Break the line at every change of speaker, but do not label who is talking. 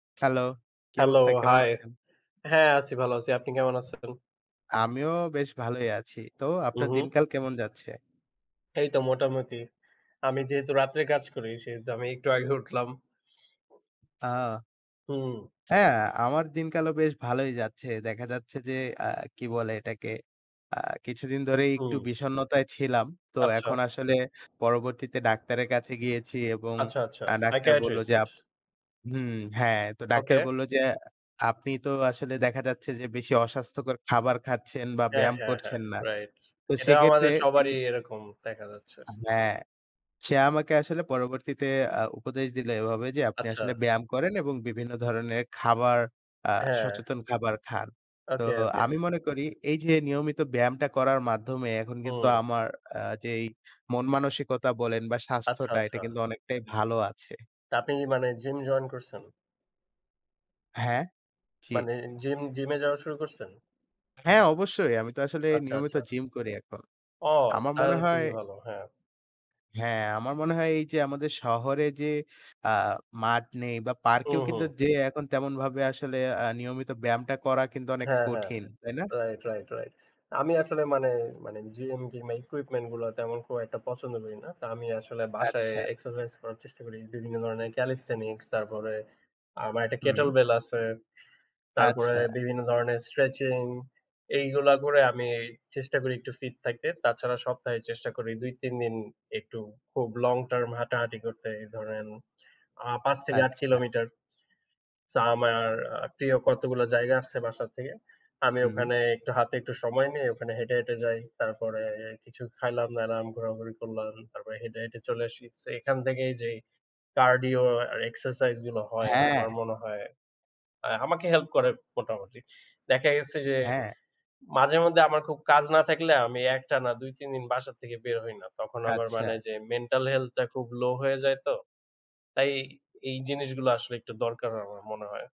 Hello, কী
hello,
অবস্থা? কেমন
high.
আছেন?
হ্যাঁম আছি ভালো আছি। আপনি কেমন আছেন?
আমিও বেশ ভালই আছি। তো আপনার
উহুম।
দিনকাল কেমন যাচ্ছে?
এই তো মোটামুটি। আমি যেহেতু রাত্রে কাজ করি, সেহেতু আমি একটু আগে উঠলাম।
ওহ!
হুম।
হ্যাঁ, আমার দিনকালও বেশ ভালোই যাচ্ছে। দেখা যাচ্ছে যে, আ কি বলে এটাকে? আ কিছুদিন ধরেই একটু
হুম।
বিষণ্নতায় ছিলাম। তো
আচ্ছা।
এখন আসলে পরবর্তীতে ডাক্তারের কাছে গিয়েছি এবং
আচ্ছা, আচ্ছা
আ ডাক্তার বলল
সাইকিয়াট্রিস্ট?
যে আপ হুম, হ্যাঁ। তো ডাক্তার
ওকে।
বলল যে, "আপনি তো আসলে দেখা যাচ্ছে যে বেশি অস্বাস্থ্যকর খাবার খাচ্ছেন বা
হ্যাঁ,
ব্যায়াম
হ্যাঁ, হ্যাঁ,
করছেন না।"
রাইট।
তো
এটা
সেক্ষেত্রে
আমাদের
তিনি
সবারই এরকম, দেখা যাচ্ছে।
হ্যাঁ। সে আমাকে আসলে পরবর্তীতে আ উপদেশ দিলো এভাবে যে, "আপনি
আচ্ছা।
আসলে ব্যায়াম করেন এবং বিভিন্ন ধরনের খাবার আ
হ্যাঁ।
সচেতন খাবার খান।" তো
ওকে, ওকে।
আমি মনে করি এই যে নিয়মিত ব্যায়ামটা করার মাধ্যমে এখন কিন্তু
হুম।
আমার আ যেই মন মানসিকতা বলেন বা
আচ্ছা,
স্বাস্থ্যটা এটা
আচ্ছা।
কিন্তু অনেকটাই ভালো আছে।
আপনি কি মানে, জিম জয়েন করছেন?
হ্যাঁ? জি।
মানে জিম, জিমে যাওয়া শুরু করছেন?
হ্যাঁ, অবশ্যই। আমি তো আসলে
আচ্ছা,
নিয়মিত
আচ্ছা।
জিম করি এখন।
ও!
আমার
তাহলে
মনে
তো
হয়
খুবই ভালো, হ্যাঁ।
হ্যাঁ, আমার মনে হয় এই যে আমাদের শহরে যে আ মাঠ নেই বা পার্কেও
হুম,
কিন্তু
হুম।
যেয়ে এখন তেমনভাবে আসলে আ নিয়মিত ব্যায়ামটা করা কিন্তু অনেক
হ্যাঁ, হ্যাঁ।
কঠিন। তাই না?
Right, right, right. আমি আসলে মানে, মানে জিম, জিমের ইকুইপমেন্ট গুলো তেমন খুব একটা পছন্দ করি না। তা আমি আসলে বাসায়
আচ্ছা।
এক্সারসাইজ করার চেষ্টা করি। বিভিন্ন ধরনের ক্যালিথেনিক্স, তারপরে আমার একটা কেটল
হুম।
বেল আছে। তারপরে
আচ্ছা।
বিভিন্ন ধরনের স্ট্রেচিং, এইগুলা করে আমি চেষ্টা করি একটু ফিট থাকতে। তাছাড়া সপ্তাহে চেষ্টা করি ২-৩ দিন একটু খুব লং টার্ম হাঁটাহাঁটি করতে, এই ধরেন আ ৫ থেকে ৮
আচ্ছা।
কিলোমিটার। সো আমার আ প্রিয় কতগুলো জায়গা আছে বাসার থেকে। আমি
হু, হু।
ওখানে একটু হাতে একটু সময় নেই ওখানে হেঁটে, হেঁটে যাই। তারপরে কিছু খাইলাম-দাইলাম, ঘোরাঘুরি করলাম তারপরে হেঁটে, হেঁটে চলে আসি। সো এখান থেকেই যেই কার্ডিও আর এক্সারসাইজ গুলো হয়, আমার
হ্যাঁ।
মনে হয় আ আমাকে হেল্প করে মোটামুটি। দেখা গেছে যে,
হ্যাঁ।
মাঝে-মধ্যে আমার খুব কাজ না থাকলে, আমি একটানা ২-৩ দিন বাসা থেকে বের হই না। তখন আবার মানে
আচ্ছা।
যে মেন্টাল হেলথটা খুব লো হয়ে যায় তো। তাই এই জিনিসগুলো আসলে একটু দরকার, আমার মনে হয়।